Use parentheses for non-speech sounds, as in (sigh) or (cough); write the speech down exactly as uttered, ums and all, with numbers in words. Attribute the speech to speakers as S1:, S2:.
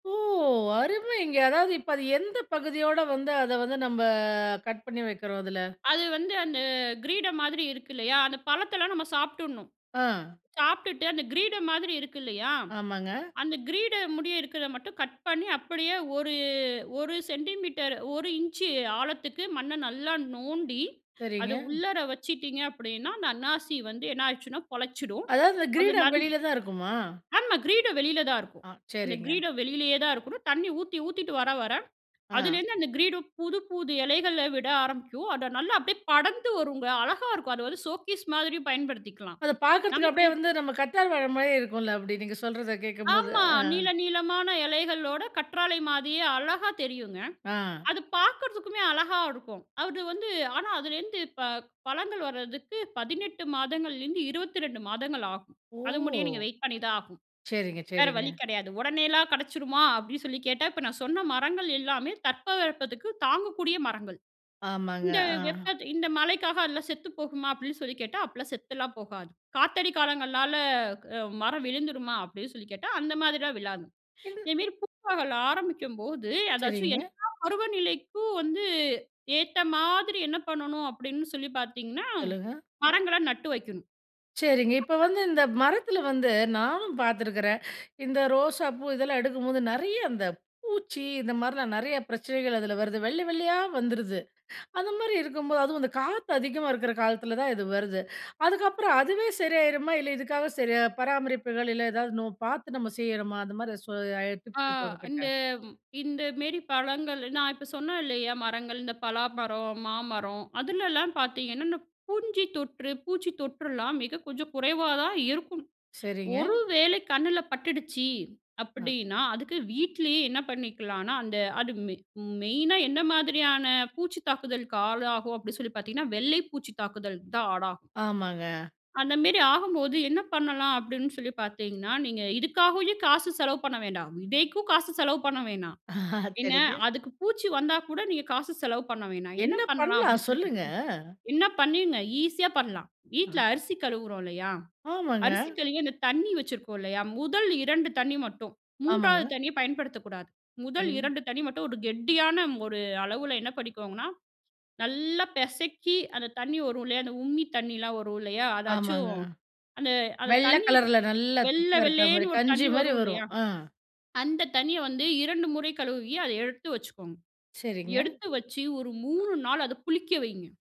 S1: ஓ! அருமைங்க. அதாவது, இப்ப அது, எந்த பகுதியோடு வந்து, அத வந்து நம்ப, கட் பண்ணி வைக்கிறோம் அதுல.
S2: அது வந்து அந்த கிரீடம் மாதிரி இருக்கு இல்லயா? அந்த பழத்தலாம் நம்ம சாப்டுடணும்.
S1: அ.
S2: சாப்பிட்டுட்டு அந்த கிரீடம் மாதிரி இருக்கு இல்லயா?
S1: ஆமாங்க.
S2: அந்த கிரீடம் முடிய இருக்கத மட்டும் கட் பண்ணி அப்படியே ஒரு ஒரு சென்டிமீட்டர், ஒரு இஞ்ச் ஆழத்துக்கு மண்ண நல்லா நோண்டி, அத
S1: சரிங்க.
S2: உள்ளற வச்சிட்டீங்க அப்படின்னா, அந்த அன்னாசி வந்து என்ன ஆயிடுச்சுன்னா, பொழைச்சிடும்.
S1: அதாவது
S2: அது
S1: கிரீடம்
S2: நன்
S1: வெளில தான் இருக்குமா?
S2: ஆமா. கிரீடம் வெளில தான் இருக்கும்.
S1: அ,
S2: அந்த
S1: சரிங்க.
S2: கிரீடம் வெளியிலேயே தான் இருக்கணும். தண்ணி ஊத்தி ஊத்திட்டு வர, வர,
S1: அ.
S2: அதிலிருந்து அந்த கிரீடம் புது, புது இலைகள விட ஆரம்பிக்கும், அத நல்லா அப்டியே படர்ந்து வருங்க. அழகா இருக்கும். அத வந்து சோக்கீஸ் மாதிரியும் பயன்படுத்திக்கலாம்.
S1: அத பாக்குறதுக்கு
S2: நமக்கு
S1: அப்படியே வந்து நம்ம கத்தார் வாழ மாதிரியே இருக்கும்ல? அப்படி, நீங்க சொல்றத கேட்கும்போது.
S2: ஆமா!
S1: அ.
S2: நீள நீளமான எலைகளோட கற்றாழை மாதிரியே அழகா தெரியுங்க.
S1: அ.
S2: அது பார்க்கறதுக்குமே அழகா இருக்கும். அது வந்து, ஆனா அதிலேருந்து இப்ப பழங்கள் வர்றதுக்கு பதினெட்டு மாதங்கள்லேருந்து இருபதிரெண்டு மாதங்கள் ஆகும்.
S1: ஓ!
S2: அது முடியே நீங்க வெயிட் பண்ணிதான் ஆகுனும்.
S1: சரிங்க,
S2: வேற
S1: சரிங்க.
S2: வழி கெடையாது. "உடனேலாம் கெடைச்சிருமா?" அப்டின்னு சொல்லி கேட்டா, இப்ப நான் சொன்ன மரங்கள் எல்லாமே தட்பவெப்பத்துக்கு தாங்கக்கூடிய மரங்கள்.
S1: ஆமாங்க.
S2: இந்த
S1: அ.
S2: வெப்பத் இந்த மழைக்காக அதெல்லாம் செத்துப் போகுமா? அப்படின்னு சொல்லி கேட்டா, அப்படிலாம் செத்தலாம் போகாது. காத்தடி காலங்கள்னால அ மரம் விழுந்துருமா? அப்படின்னு சொல்லி கேட்டா, அந்த மாதிரிலாம் விழாது.
S1: இது
S2: இதேமேரி பூப்பகல் ஆரம்பிக்கும்போது, அதாச்சும்
S1: சரிங்க.
S2: எல்லா பருவநிலைக்கும் வந்து ஏத்த மாதிரி என்ன பண்ணணும் அப்படின்னு சொல்லி பார்த்தீங்கன்னா,
S1: சொல்லுங்க.
S2: மரங்கள நட்டு வெக்கணும்
S1: சரிங்க. இப்ப
S2: (unintelligible)
S1: வந்து இந்த மரத்ல வந்து நானும் பார்த்துக்றேன். இந்த ரோசாப்பூ இதெல்லாம் எடுக்கும்போது, நறைய அந்த பூச்சி, இந்த மாரிலாம் நறைய பிரச்சனைகள் அதுல வருது வெள்ளை வெள்ளையா வந்துருது. அந்த மாரி இருக்கும்போது, அதுவும் அந்த காத்து அதிகமா இருக்க காலத்ல தான் இது வருது. அதுக்கப்புறம் அதுவே சரியாயிருமா? இல்ல இதுக்காக சரி. பராமரிப்புகள் இல்ல ஏதாவது நோ பார்த்து நம்ம செய்யணுமா? அந்த மாதிரி சோ ஐ
S2: அ,
S1: டிப்ஸ் இருக்கா உங்க
S2: இந்த
S1: கிட்ட?
S2: இந்த மேரி பழங்கள். நான் இப்ப சொன்னேன் இல்லயா? மரங்கள். இந்த பலாமரம், மாமரம். அதுலலாம் பார்த்தீங்கன்னா, இந்த பூஞ்சி தொற்று, பூச்சி தொற்றலாம் மிக கொஞ்சம் குறைவா தான் இருக்கும்.
S1: சரிங்க.
S2: ஒரு வேளை கண்ணுல பட்டுடுச்சு
S1: அ.
S2: அப்படின்னா, அதுக்கு வீட்லயே என்ன பண்ணிக்கலாம்னா, அந்த, அது மெ மெயினா என்ன மாதிரியான பூச்சி தாக்குதலுக்கு ஆளாகும் அப்டின்னு சொல்லி பார்த்தீங்கன்னா, வெள்ளை பூச்சி தாக்குதல் தான் ஆடாகும்.
S1: ஆமாங்க.
S2: அந்தமேரி ஆகம்போது என்ன பண்ணலாம்? அப்படின்னு சொல்லி பார்த்தீங்கன்னா, நீங்க இதுக்காகவே காசு செலவு பண்ண வேண்டாம். விதைக்கும் காசு செலவு பண்ண வேணாம். என்ன,
S1: சரிங்க.
S2: அதுக்கு பூச்சி வந்தா கூட நீங்க காசு செலவு பண்ண வேணாம். என்ன
S1: என்ன
S2: பண்ணலாம்
S1: பண்லாம்
S2: அப்படின்னு சொல்லி
S1: சொல்லுங்க?
S2: பார்த்தீங்க, என்ன பண்ணிங்க, ஈஸியா பண்ணலாம். வீட்ல
S1: அ.
S2: அரிசி கழுவுறோம் இல்லயா?
S1: ஆமாங்க.
S2: அரிசி கழுவி அந்த தண்ணி வச்சுருக்கோம் இல்லயா? முதல் ரெண்டு தண்ணி மட்டும். மூண்றாவது
S1: ஆமாங்க.
S2: தண்ணிய பயன்படுத்தக்கூடாது. முதல்
S1: சரி.
S2: ரெண்டு தண்ணி மட்டும் ஒரு கெட்டியான ஒரு அளவுல என்ன பண்ணிக்கோங்கன்னா, நல்லா பெசக்கி அந்த தண்ணி வரும் இல்லயா அந்த உம்மி தண்ணியலாம் வரும் இல்லயா?
S1: ஆமாங்க.
S2: அதாச்சும். அந்த அந்த
S1: வெள்ள
S2: தண்ணி
S1: கலர்ல நல்லா
S2: வெள்ள
S1: திக்கா இருக்க
S2: வெள்ளேன்னு
S1: மாதிரி
S2: ஒரு
S1: கஞ்சி
S2: தண்ணி
S1: மாதிரி
S2: வரும்
S1: வரும்.
S2: இல்லயா?
S1: அ.
S2: அந்த தண்ணிய வந்து ரெண்டு முறை கழுவி அத எடுத்து வச்சுக்கோங்க.
S1: சரிங்க.
S2: எடுத்து வெச்சு ஒரு மூணு நாள் அத புளிக்க வையுங்க.